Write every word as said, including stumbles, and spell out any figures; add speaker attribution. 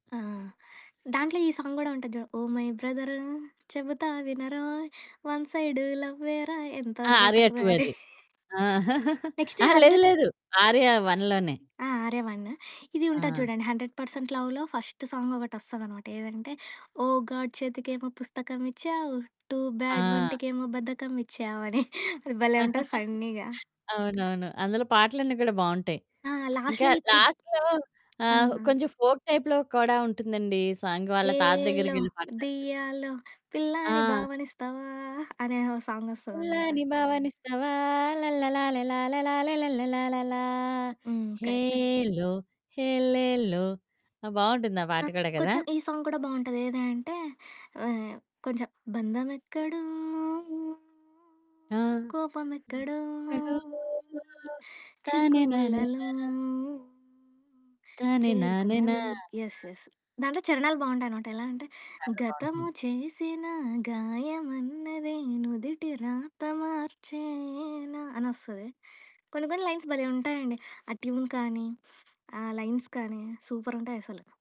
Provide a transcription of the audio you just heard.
Speaker 1: ఆ! దాంట్లో ఈ సాంగ్ గూడా ఉంటది చూడు. ఓ! మై బ్రదరు, చెబుతా వినరో, వన్ సైడు లవ్వేరా ఎంతో
Speaker 2: ఆ! 'ఆర్య
Speaker 1: బెటరు.
Speaker 2: 2' అది. ఆ!
Speaker 1: నెక్స్టు
Speaker 2: అహా! లేదు,
Speaker 1: హండ్రెడ్.
Speaker 2: లేదు. 'ఆర్య' వన్‌లోనే.
Speaker 1: ఆ! 'ఆర్య' వన్ను. ఇది ఉంటుంది
Speaker 2: ఆ!
Speaker 1: చూడండి, '100% లవ్‌'లో, ఫస్ట్ సాంగొకటోస్తదనమాట, ఏదంటే, ఓ! గాడ్ చేతికేమో పుస్తకమిచ్చావు, టూ బ్యాడ్
Speaker 2: ఆ!
Speaker 1: వంటికేమో బద్ధకమిచ్చావు అని. అది భలే ఉంటది ఫన్నీగా.
Speaker 2: అవునవును. అందులో పాటలన్నీ కూడా బావుంటాయి.
Speaker 1: ఆ!
Speaker 2: ఇంకా
Speaker 1: లాస్ట్‌లో ఇప్ ఇబ్
Speaker 2: లాస్ట్‌లో
Speaker 1: ఆ!
Speaker 2: ఆహ్, కొంచెం ఫోక్ టైప్‌లో కూడా ఉంటుందండి సాంగ్, వాళ్ళ తాత
Speaker 1: ఏ‌లో,
Speaker 2: దగ్గరికెళ్లి పాడతారు కదా!
Speaker 1: దియ్యాలో, పిల్లాని
Speaker 2: ఆ!
Speaker 1: భావనిస్తావా? అనే ఓ
Speaker 2: పిల్లా
Speaker 1: సాంగోస్తదన్నమాట.
Speaker 2: నీ భావనిస్తావా ల్లల్లలాలేలాలేలాలేల్లల్లలాలాలా
Speaker 1: హ్మ్. కరెక్ట్.
Speaker 2: హెల్లో, హెలేల్లో. ఆహ్, బావుంటుంది ఆ
Speaker 1: ఆ!
Speaker 2: పాట కూడా కదా!
Speaker 1: కొంచెం ఈ సాంగ్ కూడా బావుంటది. ఏదంటే, వవ్ కొంచెం బంధమెక్కడో,
Speaker 2: ఆ!
Speaker 1: కోపమెక్కడో,
Speaker 2: అయ్ ఎక్కడో
Speaker 1: చిక్కుముల్లలో
Speaker 2: తనేనానేనా. తనేనానేనా.
Speaker 1: చేరుకున్నావి. యెస్. యెస్ దాంట్లో చరణాలు బావుంటాయనమాట, ఎలా అంటే,
Speaker 2: చాలా
Speaker 1: గతము
Speaker 2: బావుంటుంది.
Speaker 1: చేసిన గాయమన్నది, నుదిటి రాత మార్చేన. అనోస్తది. కొన్ని, కొన్ని లైన్స్ భలే ఉంటాయండి, ఆ ట్యూన్ కానీ, ఆ లైన్స్ కానీ, సూపరుంటాయసలు.